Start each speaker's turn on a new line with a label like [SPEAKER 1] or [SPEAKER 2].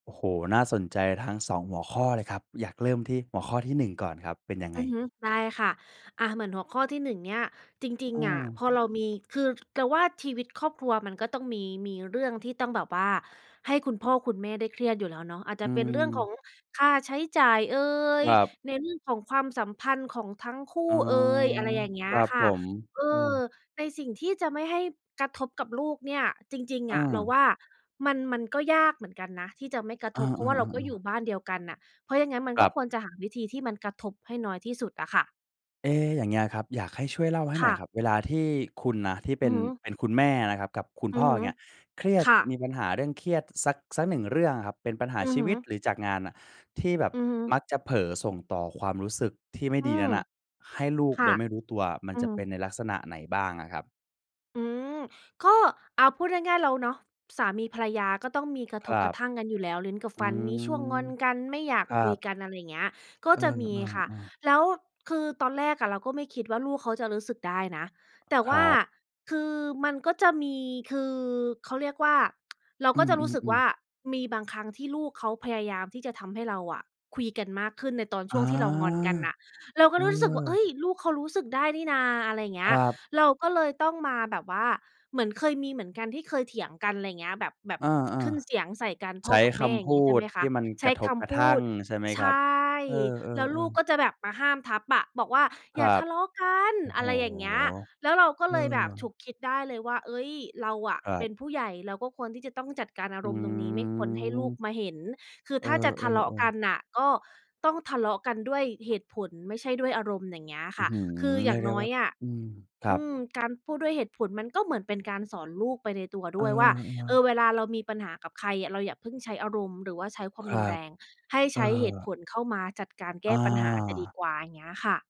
[SPEAKER 1] โอ้โฮ น่าสนใจทั้ง 2 หัวข้อเลยครับ อยากเริ่มที่หัวข้อที่ 1 ก่อนครับ เป็นยังไ
[SPEAKER 2] อ
[SPEAKER 1] ง?
[SPEAKER 2] ือฮึ ได้ค่ะ อา เหมือนหัวข้อที่ 1 เนี่ย จริง
[SPEAKER 1] อื
[SPEAKER 2] ๆ อะ พ
[SPEAKER 1] ม
[SPEAKER 2] อเรามี คือว่าชีวิตครอบครัวมันก็ต้องมี มีเรื่องที่ต้องแบบว่าให้คุณพ่อคุณแม่ได้เครียดอยู่แล้วเนาะ อาจจ
[SPEAKER 1] อื
[SPEAKER 2] ะเป็นเรื่องขอ
[SPEAKER 1] ม
[SPEAKER 2] งค่าใช้จ่ายเอ
[SPEAKER 1] ค
[SPEAKER 2] ย
[SPEAKER 1] รับ
[SPEAKER 2] ในเรื่องของความสัมพันธ์ของทั้งคู
[SPEAKER 1] อ๋
[SPEAKER 2] ่
[SPEAKER 1] อ
[SPEAKER 2] เอย อะไรอย่างเงี้
[SPEAKER 1] ค
[SPEAKER 2] ย
[SPEAKER 1] รับ
[SPEAKER 2] ค่
[SPEAKER 1] ผ
[SPEAKER 2] ะ
[SPEAKER 1] ม
[SPEAKER 2] เอ
[SPEAKER 1] เอ
[SPEAKER 2] อ
[SPEAKER 1] อ
[SPEAKER 2] ในสิ่งที่จะไม่ให้กระทบกับลูกเนี่ย จริง
[SPEAKER 1] อ
[SPEAKER 2] ๆ อะ เราว
[SPEAKER 1] า
[SPEAKER 2] ่ามัน มันก็ยากเหมือนกันนะที่จะไม่กระ
[SPEAKER 1] อ
[SPEAKER 2] ท
[SPEAKER 1] า
[SPEAKER 2] บ เพราะว่าเราก็อ
[SPEAKER 1] ๆ
[SPEAKER 2] ยู่
[SPEAKER 1] ๆ ๆ
[SPEAKER 2] บ้านเดียวกันน่ะ เพราะอย่างงั้น มัน
[SPEAKER 1] คร
[SPEAKER 2] ก็
[SPEAKER 1] ับ
[SPEAKER 2] ควรจะหาวิธีที่มันกระทบให้น้อยที่สุดอะค่ะ
[SPEAKER 1] เอ๊ะ อย่างเงี้ยครับ อยากให้ช่วยเล่าให้
[SPEAKER 2] ค
[SPEAKER 1] หน่
[SPEAKER 2] ่
[SPEAKER 1] อยค
[SPEAKER 2] ะ
[SPEAKER 1] รับ เวลาที่คุณนะที่เป
[SPEAKER 2] อื
[SPEAKER 1] ็
[SPEAKER 2] อ
[SPEAKER 1] น
[SPEAKER 2] ฮึ
[SPEAKER 1] เป็นคุณแม่นะครับ กับคุณ
[SPEAKER 2] อื
[SPEAKER 1] พ่
[SPEAKER 2] อ
[SPEAKER 1] อ
[SPEAKER 2] ฮ
[SPEAKER 1] อย่
[SPEAKER 2] ึ
[SPEAKER 1] างเงี้ย เครียด
[SPEAKER 2] ค่
[SPEAKER 1] ม
[SPEAKER 2] ะ
[SPEAKER 1] ีปัญหาเรื่องเครียดสัก สัก 1 เรื่องอะครับ เป็นปัญหา
[SPEAKER 2] อื
[SPEAKER 1] ช
[SPEAKER 2] อ
[SPEAKER 1] ี
[SPEAKER 2] ฮ
[SPEAKER 1] ว
[SPEAKER 2] ึ
[SPEAKER 1] ิต หรือจากงานน่ะ ที่แบบ
[SPEAKER 2] อือฮึ
[SPEAKER 1] มักจะเผลอส่งต่อความรู้สึกที่ไม่
[SPEAKER 2] อื
[SPEAKER 1] ดีน
[SPEAKER 2] ม
[SPEAKER 1] ั้นน่ะให้ลู
[SPEAKER 2] ค
[SPEAKER 1] ก
[SPEAKER 2] ่
[SPEAKER 1] โ
[SPEAKER 2] ะ
[SPEAKER 1] ดยไม่รู้ตัวอะ มั
[SPEAKER 2] อ
[SPEAKER 1] น
[SPEAKER 2] ื
[SPEAKER 1] จะ
[SPEAKER 2] ม
[SPEAKER 1] เป็นในลักษณะไหนบ้างอะครับ?
[SPEAKER 2] อืม ก็ อ่า พูดง่าย ๆ แล้วเนาะ สามีภรรยาก็ต้องมีกระ
[SPEAKER 1] ค
[SPEAKER 2] ท
[SPEAKER 1] ร
[SPEAKER 2] บ
[SPEAKER 1] ั
[SPEAKER 2] กร
[SPEAKER 1] บ
[SPEAKER 2] ะทั่งกันอยู่แล้ว ลิ้นกับ
[SPEAKER 1] อื
[SPEAKER 2] ฟัน มีช่วงง
[SPEAKER 1] ม
[SPEAKER 2] อนกัน ไม่อยาก
[SPEAKER 1] ครั
[SPEAKER 2] คุย
[SPEAKER 1] บ
[SPEAKER 2] กัน อะไรอย่างเงี้ย ก็
[SPEAKER 1] เอ
[SPEAKER 2] จะมีค่ะ
[SPEAKER 1] อ ๆ ๆ
[SPEAKER 2] แล้วคือตอนแรกอะเราก็ไม่คิดว่าลูกเขาจะรู้สึกได้นะ แต่
[SPEAKER 1] ค
[SPEAKER 2] ว่
[SPEAKER 1] ร
[SPEAKER 2] า
[SPEAKER 1] ับ
[SPEAKER 2] คือมันก็จะมี คือเขาเรียกว่า เรา
[SPEAKER 1] อื
[SPEAKER 2] ก็จะรู้สึกว
[SPEAKER 1] อ
[SPEAKER 2] ่
[SPEAKER 1] ๆ ๆ
[SPEAKER 2] ามีบางครั้งที่ลูกเขาพยายามที่จะทำให้เราอะคุยกันมากขึ้นในตอน
[SPEAKER 1] อ
[SPEAKER 2] ช
[SPEAKER 1] า
[SPEAKER 2] ่วงที่เรางอนกันน่ะ เราก็
[SPEAKER 1] เอ
[SPEAKER 2] เลยรู้สึกว่า เอ
[SPEAKER 1] อ
[SPEAKER 2] ๊ย ลูกเขารู้สึกได้นี่น่า อะไรอย่างเง
[SPEAKER 1] ค
[SPEAKER 2] ี้
[SPEAKER 1] ร
[SPEAKER 2] ย
[SPEAKER 1] ับ
[SPEAKER 2] เราก็เลยต้องมาแบบว่า เหมือนเคยมีเหมือนกันที่เคยเถียงกัน ไรเงี้ย แบบ แบบ
[SPEAKER 1] อา
[SPEAKER 2] ขึ้นเสียงใส่กัน
[SPEAKER 1] ๆ ใ
[SPEAKER 2] พ
[SPEAKER 1] ช
[SPEAKER 2] ่อ
[SPEAKER 1] ้
[SPEAKER 2] กับแ
[SPEAKER 1] ค
[SPEAKER 2] ม่ อย
[SPEAKER 1] ำ
[SPEAKER 2] ่
[SPEAKER 1] พ
[SPEAKER 2] าง
[SPEAKER 1] ู
[SPEAKER 2] เงี้ย ใช่ไ
[SPEAKER 1] ด
[SPEAKER 2] หมค
[SPEAKER 1] ท
[SPEAKER 2] ะ
[SPEAKER 1] ี่มัน
[SPEAKER 2] ใช
[SPEAKER 1] ก
[SPEAKER 2] ้
[SPEAKER 1] ระท
[SPEAKER 2] ค
[SPEAKER 1] บกร
[SPEAKER 2] ำ
[SPEAKER 1] ะ
[SPEAKER 2] พ
[SPEAKER 1] ท
[SPEAKER 2] ู
[SPEAKER 1] ั่ง
[SPEAKER 2] ด
[SPEAKER 1] ใช่ไหม
[SPEAKER 2] ใ
[SPEAKER 1] ค
[SPEAKER 2] ช
[SPEAKER 1] รับ?
[SPEAKER 2] ่
[SPEAKER 1] เออ
[SPEAKER 2] แล้วลูก
[SPEAKER 1] ๆ ๆ
[SPEAKER 2] ก็จะแบบมาห้ามทัพอะ บอกว่า
[SPEAKER 1] ค
[SPEAKER 2] "อย
[SPEAKER 1] ร
[SPEAKER 2] ่
[SPEAKER 1] ั
[SPEAKER 2] าท
[SPEAKER 1] บ
[SPEAKER 2] ะเลาะกัน"
[SPEAKER 1] โอ้โ
[SPEAKER 2] อ
[SPEAKER 1] ฮ
[SPEAKER 2] ะไรอย่างเงี้ย แล้วเราก็
[SPEAKER 1] เอ
[SPEAKER 2] เลยแบบฉุ
[SPEAKER 1] อ
[SPEAKER 2] กคิดได้เลยว่า "เอ๊ย เราอะ
[SPEAKER 1] คร
[SPEAKER 2] เ
[SPEAKER 1] ั
[SPEAKER 2] ป
[SPEAKER 1] บ
[SPEAKER 2] ็นผู้ใหญ่ เราก็ควรที่จะต้องจัดการอา
[SPEAKER 1] อื
[SPEAKER 2] รมณ์ตรงนี้ ไม่ควรให้ลูก
[SPEAKER 1] ม
[SPEAKER 2] มาเห็น คือ
[SPEAKER 1] เอ
[SPEAKER 2] ถ้าจะทะเลาะ
[SPEAKER 1] อ
[SPEAKER 2] ก
[SPEAKER 1] ๆ
[SPEAKER 2] ั
[SPEAKER 1] ๆ
[SPEAKER 2] นน่ะ ก็ต้องทะเลาะกันด้วยเหตุผล ไม่ใช่ด้วยอารมณ์" อย่างเงี้ยอะ
[SPEAKER 1] อื
[SPEAKER 2] ค
[SPEAKER 1] ้
[SPEAKER 2] ่
[SPEAKER 1] อ
[SPEAKER 2] ะ
[SPEAKER 1] ฮือ
[SPEAKER 2] คืออ
[SPEAKER 1] เ
[SPEAKER 2] ย
[SPEAKER 1] รี
[SPEAKER 2] ่า
[SPEAKER 1] ยก
[SPEAKER 2] ง
[SPEAKER 1] ได้
[SPEAKER 2] น้อ
[SPEAKER 1] ว่า
[SPEAKER 2] ยอะ
[SPEAKER 1] อืม คร
[SPEAKER 2] อ
[SPEAKER 1] ั
[SPEAKER 2] ื
[SPEAKER 1] บ
[SPEAKER 2] ม...การพูดด้วยเหตุผล มันก็เหมือนเป็นการสอนลูกไปในตัว
[SPEAKER 1] เอ
[SPEAKER 2] ด
[SPEAKER 1] อ
[SPEAKER 2] ้วยว่า เอ่
[SPEAKER 1] ๆ
[SPEAKER 2] อ เวลาเรามีปัญหากับใครอะ เราอย่าเพิ่งใช้อารมณ์ หรือว่าใช้คว
[SPEAKER 1] ค
[SPEAKER 2] าม
[SPEAKER 1] ร
[SPEAKER 2] ร
[SPEAKER 1] ั
[SPEAKER 2] ุนแร
[SPEAKER 1] บ
[SPEAKER 2] ง ให้
[SPEAKER 1] เอ
[SPEAKER 2] ใช้เหตุ
[SPEAKER 1] อ
[SPEAKER 2] ผลเข้ามาจัดการแก
[SPEAKER 1] อ
[SPEAKER 2] ้ปัญหาจะดี
[SPEAKER 1] า
[SPEAKER 2] กว่า อย่างเงี้ยค่ะ